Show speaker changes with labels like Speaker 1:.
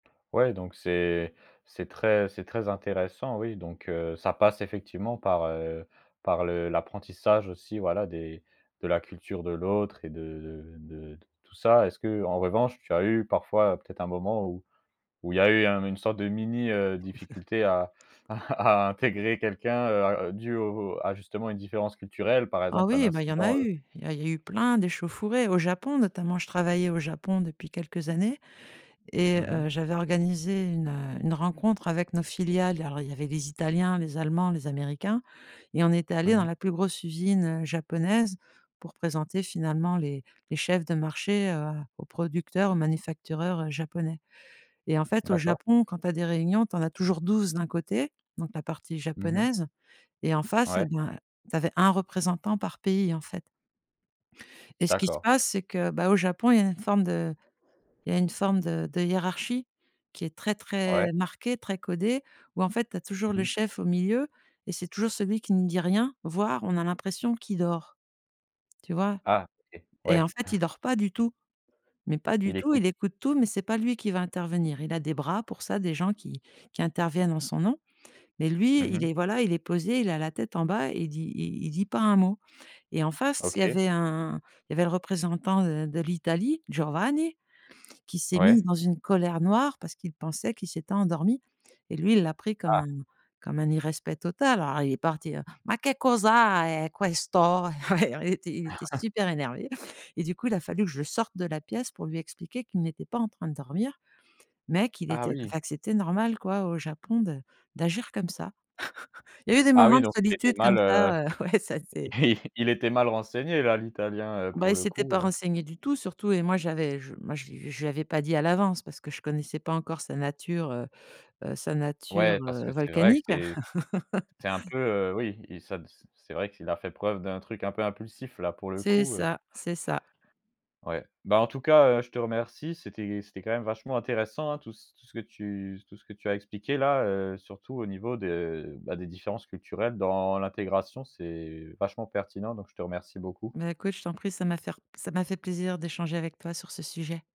Speaker 1: Ouais, donc c'est c'est très c'est très intéressant. Oui, donc heu, ça passe effectivement par, heu, par le l'apprentissage aussi, voilà, des de la culture de l'autre et de de de tout ça. Est-ce que, en revanche, tu as eu parfois peut-être un moment où où il y a eu un une sorte de mini, heu, difficulté à à à intégrer quelqu'un, heu, à dû au à justement une différence culturelle? Par
Speaker 2: Ah
Speaker 1: exemple, un
Speaker 2: oui, bah, il y en a
Speaker 1: incident, heu
Speaker 2: eu! Il y a il y a eu plein d'échauffourées au Japon, notamment. Je travaillais au Japon depuis quelques années et
Speaker 1: Mmh mh.
Speaker 2: heu, j'avais organisé une, heu, une rencontre avec nos filiales. Alors, il y avait les Italiens, les Allemands, les Américains et on était
Speaker 1: Mmh
Speaker 2: allé dans
Speaker 1: mh.
Speaker 2: la plus grosse usine, heu, japonaise pour présenter, finalement, les les chefs de marché, heu, aux producteurs, aux manufacturiers japonais, et en fait, au
Speaker 1: D'accord.
Speaker 2: Japon, quand tu as des réunions, tu en as toujours 12 d'un côté, donc la partie
Speaker 1: Mmh mh.
Speaker 2: japonaise et en face,
Speaker 1: Ouais.
Speaker 2: eh ben, tu avais 1 représentant par pays, en fait et ce qui se
Speaker 1: D'accord.
Speaker 2: passe, c'est que, bah, au Japon, il y a une forme de il y a une forme de de hiérarchie qui est très
Speaker 1: Ouais.
Speaker 2: très marquée, très codée où, en fait, tu as toujours
Speaker 1: Mmh
Speaker 2: le
Speaker 1: mh.
Speaker 2: chef au milieu et c'est toujours celui qui ne dit rien. Voire, on a l'impression qu'il dort. Tu vois,
Speaker 1: Ah, OK.
Speaker 2: et
Speaker 1: Ouais.
Speaker 2: en fait, il dort pas du tout, mais pas du
Speaker 1: Il
Speaker 2: tout. Il
Speaker 1: écoute.
Speaker 2: écoute tout, mais c'est pas lui qui va intervenir. Il a des bras pour ça, des gens qui qui interviennent en son nom, mais lui,
Speaker 1: Mmh
Speaker 2: il
Speaker 1: mh.
Speaker 2: est voilà, il est posé, il a la tête en bas et il dit i il dit pas un mot, et en face, il y
Speaker 1: OK.
Speaker 2: avait un il y avait le représentant de de l'Italie, Giovanni, qui s'est mis
Speaker 1: Ouais.
Speaker 2: dans une colère noire parce qu'il pensait qu'il s'était endormi, et lui, il l'a pris comme
Speaker 1: Ah!
Speaker 2: un comme un irrespect total. Alors il est parti: «Ma que causa e questo!» Il était il était super énervé, et du coup, il a fallu que je sorte de la pièce pour lui expliquer qu'il n'était pas en train de dormir, mais qu'il
Speaker 1: Ah
Speaker 2: était heu, que
Speaker 1: oui.
Speaker 2: enfin, que c'était normal, quoi, au Japon de d'agir comme ça. Il y eu des
Speaker 1: Ah
Speaker 2: moments
Speaker 1: oui,
Speaker 2: de
Speaker 1: donc il était
Speaker 2: solitude comme
Speaker 1: mal, heu,
Speaker 2: ça. Ouais, ça, c'est
Speaker 1: il il était mal renseigné, là, l'Italien, heu,
Speaker 2: Bah,
Speaker 1: pour
Speaker 2: il
Speaker 1: le
Speaker 2: s'était pas
Speaker 1: coup, heu
Speaker 2: renseigné du tout, surtout, et moi, j'avais je moi je lui je lui avais pas dit à l'avance parce que je connaissais pas encore sa nature, heu heu, sa nature,
Speaker 1: Ouais, parce
Speaker 2: heu,
Speaker 1: que c'est vrai que
Speaker 2: volcanique.
Speaker 1: c'est c'est un peu oui, et ça c c'est vrai qu'il a fait preuve d'un truc un peu impulsif, là, pour le
Speaker 2: C'est
Speaker 1: coup, heu
Speaker 2: ça c'est ça.
Speaker 1: Ouais. Bah, en tout cas, heu, je te remercie. C'était c'était quand même vachement intéressant, hein, tout ce tout ce que tu tout ce que tu as expliqué là. Heu, surtout au niveau de, bah, des différences culturelles dans l'intégration. C'est vachement pertinent, donc je te remercie beaucoup.
Speaker 2: Mais écoute, je t'en prie. Ça m'a faire ça m'a fait plaisir d'échanger avec toi sur ce sujet.